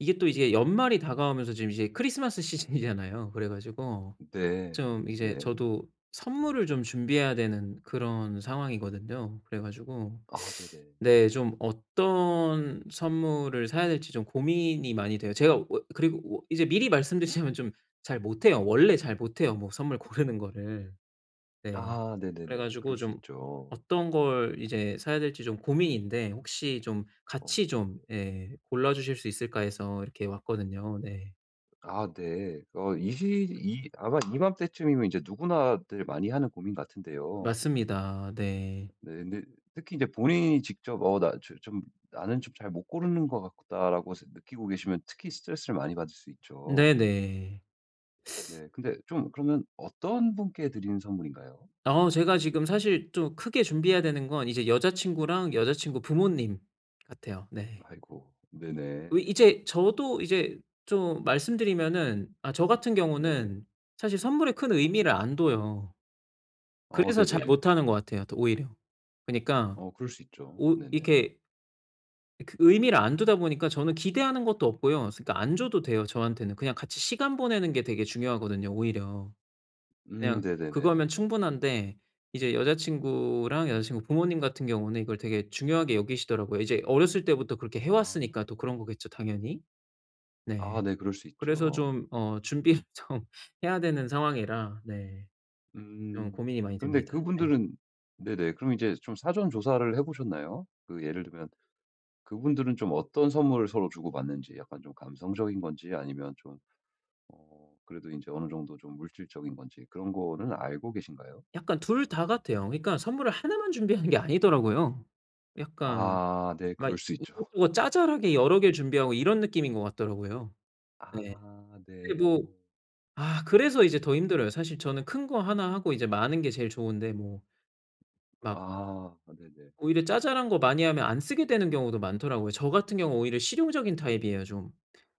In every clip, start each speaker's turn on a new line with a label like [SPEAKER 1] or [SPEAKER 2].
[SPEAKER 1] 이게 또 이제 연말이 다가오면서 지금 이제 크리스마스 시즌이잖아요. 그래 가지고
[SPEAKER 2] 네.
[SPEAKER 1] 좀 이제
[SPEAKER 2] 네.
[SPEAKER 1] 저도 선물을 좀 준비해야 되는 그런 상황이거든요. 그래가지고
[SPEAKER 2] 아 네네.
[SPEAKER 1] 네, 좀 어떤 선물을 사야 될지 좀 고민이 많이 돼요. 제가 어 그리고 오 이제 미리 말씀드리자면 좀 잘 못해요. 원래 잘 못해요. 뭐 선물 고르는 거를. 네.
[SPEAKER 2] 아 네네네.
[SPEAKER 1] 그래가지고
[SPEAKER 2] 그럴 수
[SPEAKER 1] 좀
[SPEAKER 2] 있죠.
[SPEAKER 1] 어떤 걸 이제 사야 될지 좀 고민인데 혹시 좀
[SPEAKER 2] 어
[SPEAKER 1] 같이 좀
[SPEAKER 2] 네네.
[SPEAKER 1] 예, 골라주실 수 있을까 해서 이렇게 왔거든요. 네.
[SPEAKER 2] 아 네. 어 이 시 이 아마 이맘때쯤이면 이제 누구나들 많이 하는 고민 같은데요.
[SPEAKER 1] 맞습니다. 네.
[SPEAKER 2] 네. 근데 특히 이제 본인이 직접 '어 나 조 좀 나는 좀 잘 못 고르는 것 같다.'라고 생 느끼고 계시면 특히 스트레스를 많이 받을 수 있죠.
[SPEAKER 1] 네네.
[SPEAKER 2] 네. 근데 좀 그러면 어떤 분께 드리는 선물인가요?
[SPEAKER 1] 어 제가 지금 사실 좀 크게 준비해야 되는 건 이제 여자친구랑 여자친구 부모님 같아요. 네.
[SPEAKER 2] 아이고. 네네.
[SPEAKER 1] 어 이제 저도 이제 좀 말씀 드리면은 아 저 같은
[SPEAKER 2] 네.
[SPEAKER 1] 경우는 사실 선물에 큰 의미를 안 둬요.
[SPEAKER 2] 어
[SPEAKER 1] 그래서 잘
[SPEAKER 2] 네네.
[SPEAKER 1] 못하는 것 같아요. 더 오히려. 그니까
[SPEAKER 2] 어 그럴 수 있죠.
[SPEAKER 1] 오
[SPEAKER 2] 네네.
[SPEAKER 1] 이렇게 어 그 의미를 안 두다 보니까 저는 기대하는 것도 없고요. 스 그러니까 안 줘도 돼요, 저한테는. 그냥 같이 시간 보내는 게 되게 중요하거든요, 오히려.
[SPEAKER 2] 음
[SPEAKER 1] 그냥
[SPEAKER 2] 네네네네.
[SPEAKER 1] 그거면 충분한데 이제 여자친구랑 여자친구 부모님 같은 경우는 이걸 되게 중요하게 여기시더라고요. 이제 어렸을 때부터 그렇게 해
[SPEAKER 2] 아.
[SPEAKER 1] 왔으니까 또 그런 거겠죠, 당연히? 네.
[SPEAKER 2] 아 네. 그럴 수
[SPEAKER 1] 그래서
[SPEAKER 2] 있죠.
[SPEAKER 1] 좀 어 준비를 좀 해야 되는 상황이라 네. 좀
[SPEAKER 2] 음
[SPEAKER 1] 고민이 많이
[SPEAKER 2] 그런데
[SPEAKER 1] 됩니다. 네.
[SPEAKER 2] 그분들은 네네. 그럼 이제 좀 사전 조사를 해 보셨나요? 그 예를 들면 그분들은 좀 어떤 선물을 서로 주고받는지 약간 좀 감성적인 건지 아니면 좀 어 그래도 인제 어느 정도 좀 물질적인 건지 그런 거는 알고 계신가요?
[SPEAKER 1] 약간 2 다 같아요. 그러니까 선물을 1 만 준비하는 게 아니더라고요. 약간
[SPEAKER 2] 아 네.
[SPEAKER 1] 막
[SPEAKER 2] 그럴 수 있죠.
[SPEAKER 1] 이것저것 자잘하게 여러 개를 준비하고 이런 느낌인 것 같더라고요. 네.
[SPEAKER 2] 아
[SPEAKER 1] 근데 뭐
[SPEAKER 2] 네.
[SPEAKER 1] 아 그래서 이제 더 힘들어요. 사실 저는 큰 거 1 하고 이제 마는 게 제일 좋은데 뭐. 막
[SPEAKER 2] 아 네네.
[SPEAKER 1] 오히려 자잘한 거 많이 하면 안 쓰게 되는 경우도 많더라고요. 저 같은 경우 오히려 실용적인 타입이에요 좀.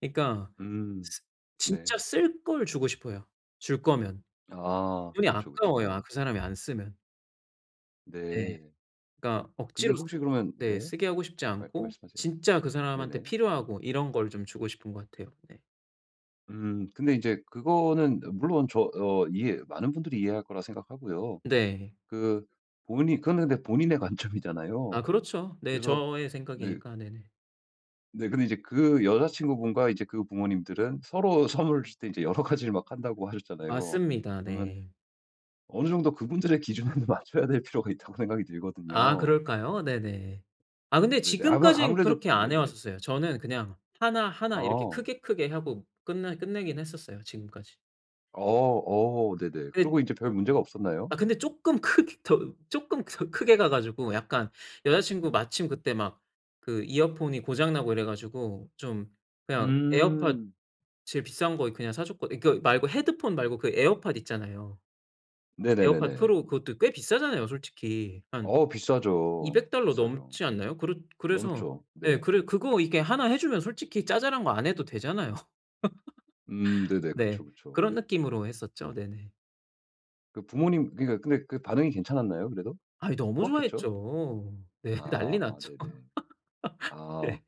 [SPEAKER 1] 그니까
[SPEAKER 2] 음
[SPEAKER 1] 쓰 진짜
[SPEAKER 2] 네.
[SPEAKER 1] 쓸 걸 주고 싶어요 줄 거면.
[SPEAKER 2] 아
[SPEAKER 1] 돈이
[SPEAKER 2] 그쵸,
[SPEAKER 1] 아까워요 아
[SPEAKER 2] 그쵸.
[SPEAKER 1] 그 사람이 안 쓰면. 네.
[SPEAKER 2] 네.
[SPEAKER 1] 그러니까
[SPEAKER 2] 근데
[SPEAKER 1] 억지로 쓰
[SPEAKER 2] 혹시 그러면
[SPEAKER 1] 네
[SPEAKER 2] 네.
[SPEAKER 1] 쓰게 하고 싶지
[SPEAKER 2] 말
[SPEAKER 1] 않고
[SPEAKER 2] 말씀하세요.
[SPEAKER 1] 진짜 그 사람한테
[SPEAKER 2] 네네.
[SPEAKER 1] 필요하고 이런 걸 좀 주고 싶은 것 같아요. 네.
[SPEAKER 2] 음 근데 인제 그거는 물론 저 어 이해 많은 분들이 이해할 거라 생각하고요.
[SPEAKER 1] 네.
[SPEAKER 2] 그 본인 그거는 근데 본인의 관점이잖아요.
[SPEAKER 1] 아 그렇죠. 네
[SPEAKER 2] 그래서
[SPEAKER 1] 저의
[SPEAKER 2] 네.
[SPEAKER 1] 생각이니까. 네네.
[SPEAKER 2] 네. 근데 이제 그 여자친구분과 이제 그 부모님들은 "서로 선물을 주실 때 인제 여러 가지를 막 한다."고 하셨잖아요.
[SPEAKER 1] 맞습니다.
[SPEAKER 2] 그러면
[SPEAKER 1] 네.
[SPEAKER 2] 어느 정도 그분들의 기준에 맞춰야 될 필요가 있다고 생각이
[SPEAKER 1] 아
[SPEAKER 2] 들거든요.
[SPEAKER 1] 그럴까요? 네네. 아 근데
[SPEAKER 2] 네네. 아마
[SPEAKER 1] 지금까진
[SPEAKER 2] 아무래도
[SPEAKER 1] 그렇게
[SPEAKER 2] 그
[SPEAKER 1] 안 해
[SPEAKER 2] 네네.
[SPEAKER 1] 왔었어요. 저는 그냥 1 1 이렇게
[SPEAKER 2] 어.
[SPEAKER 1] 크게 크게 하고 끝나 끝내긴 했었어요 지금까지.
[SPEAKER 2] 어 어 네네.
[SPEAKER 1] 끝
[SPEAKER 2] 그리고 인제 별 문제가 없었나요?
[SPEAKER 1] 아 근데 쪼끔 크게 더 쪼끔 더 크게 가 가지고 약간 여자 친구 마침 그때 막 그 이어폰이 고장 나고 이래 가지고 좀 그냥 에어팟
[SPEAKER 2] 음.
[SPEAKER 1] 제일 비싼 거 이 그냥 사줬거 이 그 말고 헤드폰 말고 그 에어팟 있잖아요. 에어팟
[SPEAKER 2] 네네네네.
[SPEAKER 1] 프로 그것도 꽤 비싸잖아요 솔직히. 한
[SPEAKER 2] 어 비싸죠.
[SPEAKER 1] $200
[SPEAKER 2] 비싸죠.
[SPEAKER 1] 넘지 않나요? 그렇 그래서
[SPEAKER 2] 넘죠.
[SPEAKER 1] 예
[SPEAKER 2] 네.
[SPEAKER 1] 그래 그거 이렇게 1 해주면 솔직히 자잘한 거 안 해도 되잖아요.
[SPEAKER 2] 음 네네. 그쵸,
[SPEAKER 1] 네.
[SPEAKER 2] 그쵸.
[SPEAKER 1] 그런 느낌으로 했었죠. 네네.
[SPEAKER 2] 그 부모님 그니까 근데 그 반응이 괜찮았나요, 그래도?
[SPEAKER 1] 아이 너무
[SPEAKER 2] 좋았겠죠?
[SPEAKER 1] 좋아했죠. 네.
[SPEAKER 2] 아
[SPEAKER 1] 난리
[SPEAKER 2] 아
[SPEAKER 1] 났죠.
[SPEAKER 2] 네네. 아
[SPEAKER 1] 네.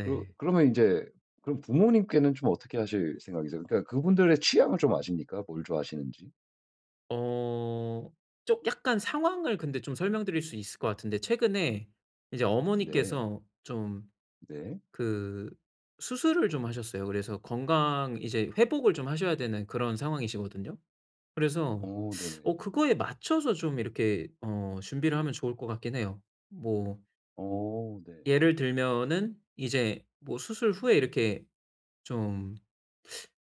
[SPEAKER 2] 그러 그러면 인제 그럼 부모님께는 좀 어떻게 하실 생각이세요? 그러니까 그분들의 취향을 좀 아십니까? 뭘 좋아하시는지?
[SPEAKER 1] 어 좀 약간 상황을 근데 좀 설명드릴 수 있을 것 같은데 최근에 이제
[SPEAKER 2] 네.
[SPEAKER 1] 어머니께서 좀
[SPEAKER 2] 네.
[SPEAKER 1] 그 수술을 좀 하셨어요. 그래서 건강 이제 회복을 좀 하셔야 되는 그런 상황이시거든요. 그래서
[SPEAKER 2] 어 네네.
[SPEAKER 1] 어 그거에 맞춰서 좀 이렇게 어 준비를 하면 좋을 것 같긴 해요. 뭐
[SPEAKER 2] 어 네.
[SPEAKER 1] 예를 들면은 이제 뭐 수술 후에 이렇게 좀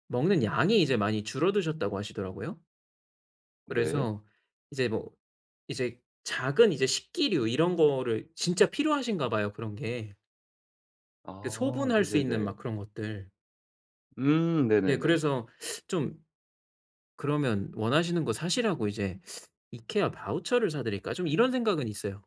[SPEAKER 1] 먹는 양이 이제 많이 줄어드셨다고 하시더라고요.
[SPEAKER 2] 네.
[SPEAKER 1] 그래서 이제 뭐 이제 작은 이제 식기류 이런 거를 진짜 필요하신가 봐요 그런 게. 그
[SPEAKER 2] 아
[SPEAKER 1] 소분할 수 있는
[SPEAKER 2] 네네네.
[SPEAKER 1] 막 그런 것들.
[SPEAKER 2] 음.
[SPEAKER 1] 네.
[SPEAKER 2] 네네네.
[SPEAKER 1] 그래서 좀 그러면 원하시는 거 사시라고 이제 '이케아 바우처를 사 드릴까?' 좀 이런 생각은 있어요.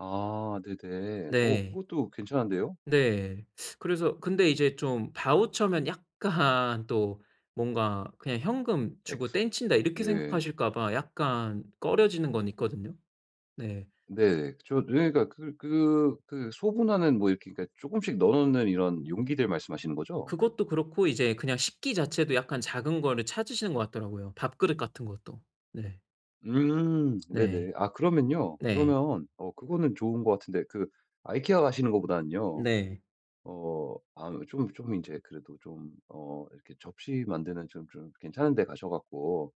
[SPEAKER 2] 아 네네. 어
[SPEAKER 1] 네.
[SPEAKER 2] 그것도 괜찮은데요?
[SPEAKER 1] 네. 그래서 근데 이제 좀 바우처면 약간 또 뭔가 그냥 '현금 주고
[SPEAKER 2] 엑스
[SPEAKER 1] 땡 친다.' 이렇게
[SPEAKER 2] 네.
[SPEAKER 1] 생각하실까봐 약간 꺼려지는 건 있거든요. 네.
[SPEAKER 2] 네. 그쵸. 누에가 그 그 그 소분하는 뭐 이렇게 그니까 조금씩 넣어 놓는 이런 용기들 말씀하시는 거죠?
[SPEAKER 1] 그것도 그렇고 이제 그냥 식기 자체도 약간 작은 거를 찾으시는 것 같더라고요, 밥그릇 같은 것도. 네.
[SPEAKER 2] 음
[SPEAKER 1] 네.
[SPEAKER 2] 네네. 아 그러면요.
[SPEAKER 1] 네.
[SPEAKER 2] 그러면 어 그거는 좋은 것 같은데 그 아이케아 가시는 것보다는요.
[SPEAKER 1] 네.
[SPEAKER 2] 어 아 좀 좀 인제 그래도 좀 어 이렇게 접시 만드는 좀 좀 괜찮은 데 가셔 갖고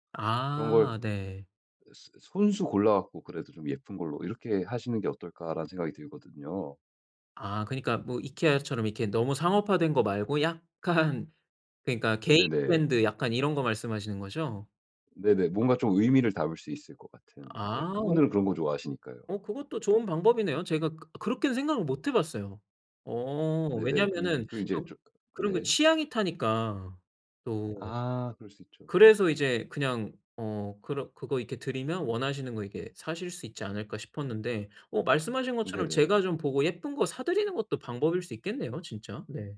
[SPEAKER 2] 그런 걸
[SPEAKER 1] 아 네.
[SPEAKER 2] 아 스 스 아 손수 골라 갖고 그래도 '좀 예쁜 걸로 이렇게 하시는 게 어떨까?'라는 생각이 들거든요.
[SPEAKER 1] 아 그니까 뭐 이케아처럼 이렇게 너무 상업화된 거 말고 약간 그러니까 개인
[SPEAKER 2] 네네.
[SPEAKER 1] 브랜드 약간 이런 거 말씀하시는 거죠?
[SPEAKER 2] 네네. 뭔가 좀 의미를 담을 수 있을 것 같은. 네. 그
[SPEAKER 1] 아.
[SPEAKER 2] 분들은 그런 거 좋아하시니까요.
[SPEAKER 1] 어 그것도 좋은 방법이네요. 제가 그 그렇게는 생각을 못 해 봤어요. 어
[SPEAKER 2] 네네. 그러
[SPEAKER 1] 왜냐하면은
[SPEAKER 2] 그럼 이제
[SPEAKER 1] 또
[SPEAKER 2] 좀
[SPEAKER 1] 그런 거
[SPEAKER 2] 네.
[SPEAKER 1] 취향이 타니까 또.
[SPEAKER 2] 아 그럴 수 있죠.
[SPEAKER 1] 그래서 이제 그냥 어 그러 '그거 이렇게 드리면 원하시는 거 이렇게 사실 수 있지 않을까?' 싶었는데 어 말씀하신 것처럼
[SPEAKER 2] 네네.
[SPEAKER 1] 제가 좀 보고 예쁜 거 사 드리는 것도 방법일 수 있겠네요 진짜. 네.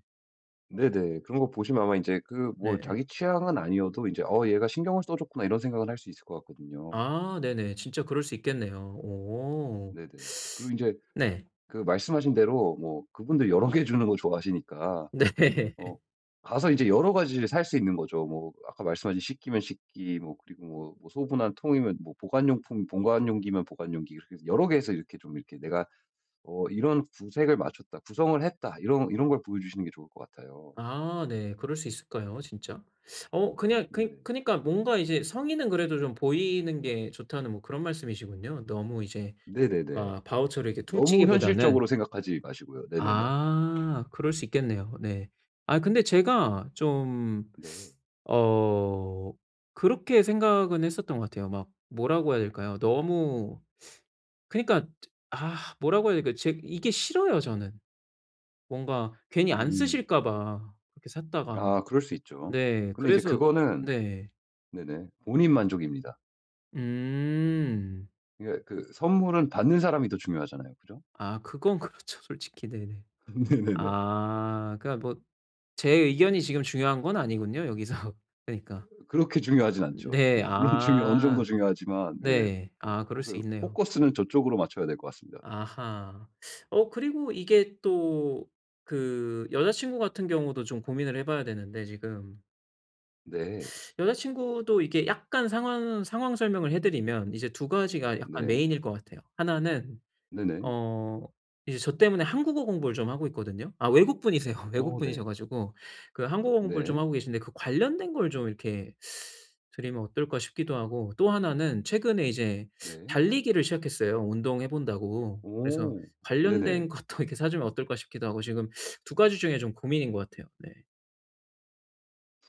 [SPEAKER 2] 네네. 그런 거 보시면 아마 인제 그
[SPEAKER 1] 네.
[SPEAKER 2] 뭐
[SPEAKER 1] 예.
[SPEAKER 2] 자기 취향은 아니어도 이제 '어 얘가 신경을 써 줬구나.' 이런 생각은 할 수 있을 것 같거든요.
[SPEAKER 1] 아 네네. 진짜 그럴 수 있겠네요. 오.
[SPEAKER 2] 네네. 그리고 인제
[SPEAKER 1] 네.
[SPEAKER 2] 그 말씀하신 대로 뭐 그분들 여러 개 주는 걸 좋아하시니까
[SPEAKER 1] 네.
[SPEAKER 2] 어 가서 이제 여러 가지를 살 수 있는 거죠. 뭐 아까 말씀하신 식기면 식기 뭐 그리고 뭐 뭐 소분한 통이면 뭐 보관용품 보관용기면 보관용기 이렇게 해서 여러 개 해서 이렇게 좀 이렇게 내가 어 '이런 구색을 맞췄다. 구성을 했다.' 이런 이런 걸 보여주시는 게 좋을 것 같아요.
[SPEAKER 1] 아 네. 그럴 수 있을까요 진짜? 어 그냥 그니
[SPEAKER 2] 네네.
[SPEAKER 1] 그니까 뭔가 이제 "성의는 그래도 좀 보이는 게 좋다."는 뭐 그런 말씀이시군요. 너무 이제
[SPEAKER 2] 네네네.
[SPEAKER 1] 아 바우처로 이렇게
[SPEAKER 2] 너무
[SPEAKER 1] 퉁치기보다는.
[SPEAKER 2] 현실적으로 생각하지 마시고요. 네네네.
[SPEAKER 1] 아 그럴 수 있겠네요. 네. 아 근데 제가 좀
[SPEAKER 2] 네.
[SPEAKER 1] 어 그렇게 생각은 했었던 것 같아요. 막 뭐라고 해야 될까요? 너무 그니까 아 뭐라고 해야 될까요? 제 이게 싫어요 저는. 뭔가 괜히 안
[SPEAKER 2] 음.
[SPEAKER 1] 쓰실까 봐. 그렇게 샀다가.
[SPEAKER 2] 아 그럴 수 있죠.
[SPEAKER 1] 네
[SPEAKER 2] 근데 이제
[SPEAKER 1] 그래서
[SPEAKER 2] 그거는
[SPEAKER 1] 네.
[SPEAKER 2] 네네 본인 만족입니다.
[SPEAKER 1] 음.
[SPEAKER 2] 그니까 그 선물은 받는 사람이 더 중요하잖아요. 그죠?
[SPEAKER 1] 아 그건 그렇죠, 솔직히. 네네.
[SPEAKER 2] 네네네.
[SPEAKER 1] 아 그러니까 뭐 제 의견이 지금 중요한 건 아니군요, 여기서. 그러니까.
[SPEAKER 2] 으 그렇게 중요하진 않죠.
[SPEAKER 1] 네,
[SPEAKER 2] 네 물론 중요 어느 정도
[SPEAKER 1] 아
[SPEAKER 2] 중요하지만. 네네.
[SPEAKER 1] 네.
[SPEAKER 2] 뭐
[SPEAKER 1] 아 그럴 수
[SPEAKER 2] 포커
[SPEAKER 1] 있네요.
[SPEAKER 2] 포커스는 저쪽으로 맞춰야 될 것 같습니다.
[SPEAKER 1] 아하. 어 그리고 이게 또 그 여자 친구 같은 경우도 좀 고민을 해 봐야 되는데 지금.
[SPEAKER 2] 네.
[SPEAKER 1] 여자 친구도 이게 약간 상황 상황 설명을 해 드리면 이제 2 가지가 약간
[SPEAKER 2] 네.
[SPEAKER 1] 메인일 거 같아요. 1 는
[SPEAKER 2] 네네.
[SPEAKER 1] 어 이제 저 때문에 한국어 공부를 좀 하고 있거든요. 아 외국분이세요.
[SPEAKER 2] 어, 네.
[SPEAKER 1] 외국분이셔 가지고 그 한국어 공부를 좀
[SPEAKER 2] 네.
[SPEAKER 1] 하고 계신데 그 관련된 걸 좀 이렇게 드리면 어떨까 싶기도 하고 또 1 는 최근에 이제
[SPEAKER 2] 네.
[SPEAKER 1] 달리기를 시작했어요, 운동해 본다고. 그래서
[SPEAKER 2] 오
[SPEAKER 1] '관련된
[SPEAKER 2] 네네.
[SPEAKER 1] 것도 이렇게 사 주면 어떨까?' 싶기도 하고. 지금 2 가지 중에 좀 고민인 것 같아요. 네.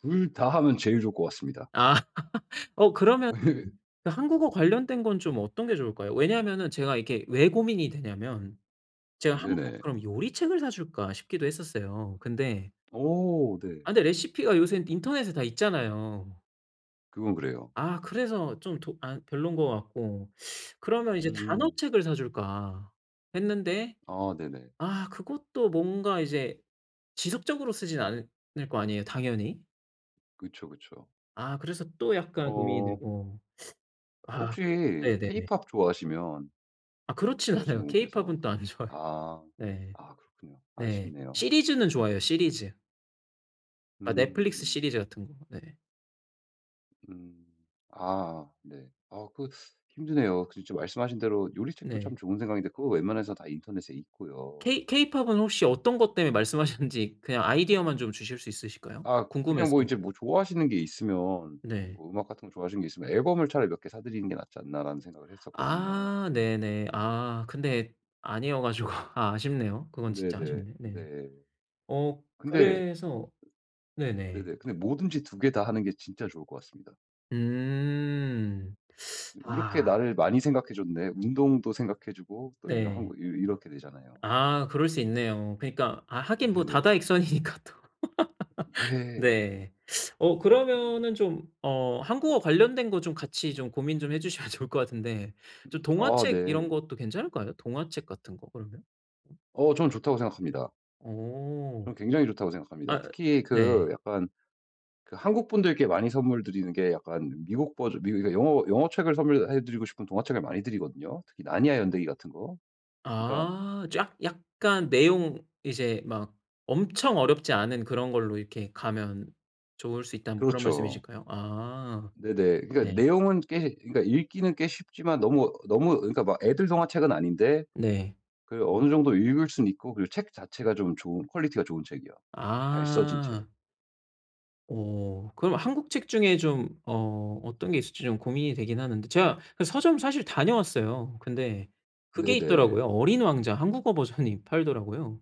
[SPEAKER 2] 2 다 하면 제일 좋을 것 같습니다.
[SPEAKER 1] 아 어 그러면 그 한국어 관련된 건 좀 어떤 게 좋을까요? 왜냐하면은 제가 이렇게 왜 고민이 되냐하면, 제가 '한국
[SPEAKER 2] 네네.
[SPEAKER 1] 그럼 요리책을 사 줄까?' 싶기도 했었어요. 근데
[SPEAKER 2] 오 네.
[SPEAKER 1] 아 근데 레시피가 요새는 인터넷에 다 있잖아요.
[SPEAKER 2] 그건 그래요.
[SPEAKER 1] 아 그래서 좀 더 아 별론 것 같고. 그러면 이제 '단어
[SPEAKER 2] 음.
[SPEAKER 1] 책을 사 줄까.' 했는데
[SPEAKER 2] 아 네네.
[SPEAKER 1] 아 그것도 뭔가 이제 지속적으로 쓰진 않을 거 아니에요, 당연히?
[SPEAKER 2] 그쵸, 그쵸.
[SPEAKER 1] 아 그래서 또 약간 고민이
[SPEAKER 2] 어
[SPEAKER 1] 되고. 아
[SPEAKER 2] 혹시
[SPEAKER 1] 네네네.
[SPEAKER 2] 케이팝 좋아하시면
[SPEAKER 1] 아 그렇진 않아요.
[SPEAKER 2] 여자친구분께서
[SPEAKER 1] 케이팝은 또 안 좋아해.
[SPEAKER 2] 아
[SPEAKER 1] 네.
[SPEAKER 2] 아 그렇군요.
[SPEAKER 1] 네.
[SPEAKER 2] 아쉽네요.
[SPEAKER 1] 시리즈는 좋아해요. 시리즈. 아
[SPEAKER 2] 음
[SPEAKER 1] 넷플릭스
[SPEAKER 2] 음.
[SPEAKER 1] 시리즈 같은 거. 네.
[SPEAKER 2] 음 아, 네. 어 그 힘드네요. 진짜 말씀하신 대로 요리책도
[SPEAKER 1] 네.
[SPEAKER 2] 참 좋은 생각인데 그거 웬만해서 다 인터넷에 있고요.
[SPEAKER 1] 케이 케이팝은 혹시 어떤 것 때문에 말씀하셨는지 그냥 아이디어만 좀 주실 수 있으실까요?
[SPEAKER 2] 아 그냥 뭐
[SPEAKER 1] 궁금해서.
[SPEAKER 2] 이제 뭐 좋아하시는 게 있으면
[SPEAKER 1] 네.
[SPEAKER 2] 뭐 음악 같은 거 좋아하시는 게 있으면 '앨범을 차라리 몇 개 사 드리는 게 낫지 않나?'라는 생각을 했었거든요.
[SPEAKER 1] 아 네네. 아 근데 아니어 가지고 아 아쉽네요. 그건 진짜
[SPEAKER 2] 네네.
[SPEAKER 1] 아쉽네. 네.
[SPEAKER 2] 네.
[SPEAKER 1] 어
[SPEAKER 2] 근데
[SPEAKER 1] 그래서 네네.
[SPEAKER 2] 네네. 근데 뭐든지 2 개 다 하는 게 진짜 좋을 것 같습니다.
[SPEAKER 1] 음.
[SPEAKER 2] '이렇게
[SPEAKER 1] 아.
[SPEAKER 2] 나를 많이 생각해 줬네. 운동도 생각해 주고.' 또 이러한 거
[SPEAKER 1] 네.
[SPEAKER 2] 이 이렇게 되잖아요.
[SPEAKER 1] 아. 그럴 수 있네요. 그러니까 아 하긴 뭐
[SPEAKER 2] 네네.
[SPEAKER 1] 다다익선이니까 또.
[SPEAKER 2] 네.
[SPEAKER 1] 네. 어
[SPEAKER 2] 네네.
[SPEAKER 1] 그러면은 좀 어 한국어 관련된 거 좀 같이 좀 고민 좀 해 주시면 좋을 것 같은데.
[SPEAKER 2] 음
[SPEAKER 1] 저
[SPEAKER 2] 아.
[SPEAKER 1] 동화책 이런
[SPEAKER 2] 네.
[SPEAKER 1] 것도 괜찮을까요? 동화책 같은 거 그러면? 어?
[SPEAKER 2] 어. 저는 좋다고 생각합니다.
[SPEAKER 1] 어.
[SPEAKER 2] 저는 굉장히 좋다고 생각합니다.
[SPEAKER 1] 아
[SPEAKER 2] 특히 그
[SPEAKER 1] 네.
[SPEAKER 2] 약간 그 한국분들께 많이 선물 드리는 게 약간 미국 버전 미국 이거 이거 영어 영어책을 선물해 드리고 싶은 동화책을 많이 드리거든요? 특히 나니아 연대기 같은 거? 그러니까
[SPEAKER 1] 아. 쫙 약간 내용 이제 막 "엄청 어렵지 않은 그런 걸로 이렇게 가면 좋을 수 있다."는 뭐 그런
[SPEAKER 2] 그렇죠.
[SPEAKER 1] 말씀이실까요? 아
[SPEAKER 2] 네네. 그러니까
[SPEAKER 1] 네.
[SPEAKER 2] 내용은 꽤 그니까 읽기는 꽤 쉽지만 너무 너무 그니까 막 애들 동화책은 아닌데
[SPEAKER 1] 네.
[SPEAKER 2] 그 어느 정도 읽을 수는 있고 그리고 책 자체가 좀 좋은 퀄리티가 좋은 책이요. 잘 써진 책.
[SPEAKER 1] 아. 오 그럼 한국 책 중에 좀 어 어떤 게 있을지 좀 고민이 되긴 하는데. 제가 그 서점 사실 다녀왔어요. 근데 그게
[SPEAKER 2] 네네.
[SPEAKER 1] 있더라고요. 어린 왕자 한국어 버전이 팔더라고요.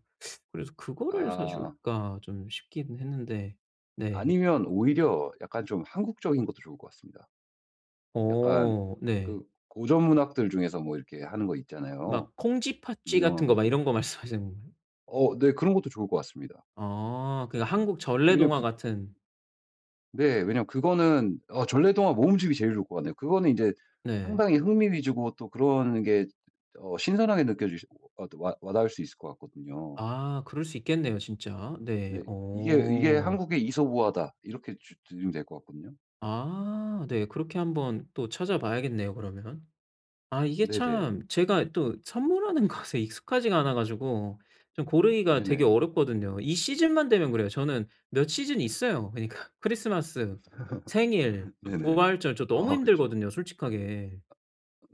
[SPEAKER 1] 그래서 '그거를
[SPEAKER 2] 아.
[SPEAKER 1] 사줄까?' 좀 싶긴 했는데. 네.
[SPEAKER 2] 아니면 오히려 약간 좀 한국적인 것도 좋을 것 같습니다. 약간
[SPEAKER 1] 어 네.
[SPEAKER 2] 그 고전문학들 중에서 뭐 이렇게 하는 거 있잖아요.
[SPEAKER 1] 막 콩쥐, 팥쥐
[SPEAKER 2] 유명한
[SPEAKER 1] 같은 거 막
[SPEAKER 2] 것들.
[SPEAKER 1] 이런 거 말씀하시는
[SPEAKER 2] 어 네. 그런 것도 좋을 것 같습니다.
[SPEAKER 1] 아 그 한국
[SPEAKER 2] 오히려
[SPEAKER 1] 전래동화
[SPEAKER 2] 그
[SPEAKER 1] 같은
[SPEAKER 2] 네. 왜냐하면 그거는 어 전래동화 모음집이 제일 좋을 것 같네요. 그거는 이제
[SPEAKER 1] 네.
[SPEAKER 2] 상당히 흥미 위주고 또 그런 게 어 신선하게 느껴 지시 와 와 와닿을 수 있을 것 같거든요.
[SPEAKER 1] 아 그럴 수 있겠네요 진짜. 네.
[SPEAKER 2] 네. "이게 이게
[SPEAKER 1] 어.
[SPEAKER 2] 한국의 이솝우화다." 이렇게 주 드리면 될 것 같거든요.
[SPEAKER 1] 아 네. 그렇게 한번 또 찾아 봐야겠네요 그러면. 아 이게
[SPEAKER 2] 네네.
[SPEAKER 1] 참 제가 또 선물하는 것에 익숙하지가 않아 가지고 좀 고르기가 되게
[SPEAKER 2] 네네.
[SPEAKER 1] 어렵거든요. 이 시즌만 되면 그래요. 저는 몇 시즌이 있어요 그러니까. 크리스마스, 생일, 그
[SPEAKER 2] 네네.
[SPEAKER 1] 부활절 저 너무
[SPEAKER 2] 아 그쵸.
[SPEAKER 1] 힘들거든요 솔직하게.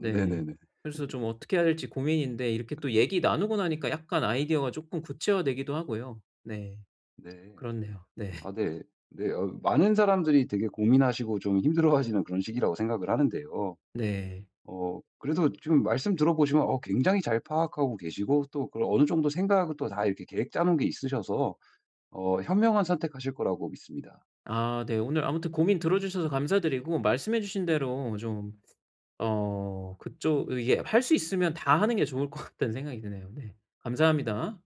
[SPEAKER 1] 네. 그래서 좀 어떻게 해야 할지 고민인데 이렇게 또 얘기 나누고 나니까 약간 아이디어가 쪼끔 구체화되기도 하고요. 네.
[SPEAKER 2] 네.
[SPEAKER 1] 그렇네요. 네.
[SPEAKER 2] 아 네. 네. 어 많은 사람들이 되게 고민하시고 좀 힘들어하시는 그런 시기라고 생각을 하는데요.
[SPEAKER 1] 네.
[SPEAKER 2] 어 그래도 지금 말씀 들어 보시면 어 굉장히 잘 파악하고 계시고 또 그런 어느 정도 생각을 또 다 이렇게 계획 짜놓은 게 있으셔서 어 현명한 선택하실 거라고 믿습니다.
[SPEAKER 1] 아 네. 오늘 아무튼 고민 들어주셔서 감사드리고 말씀해 주신 대로 좀 어 그쪽 이게 할 수 있으면 다 하는 게 좋을 것 같다는 생각이 드네요. 네. 감사합니다.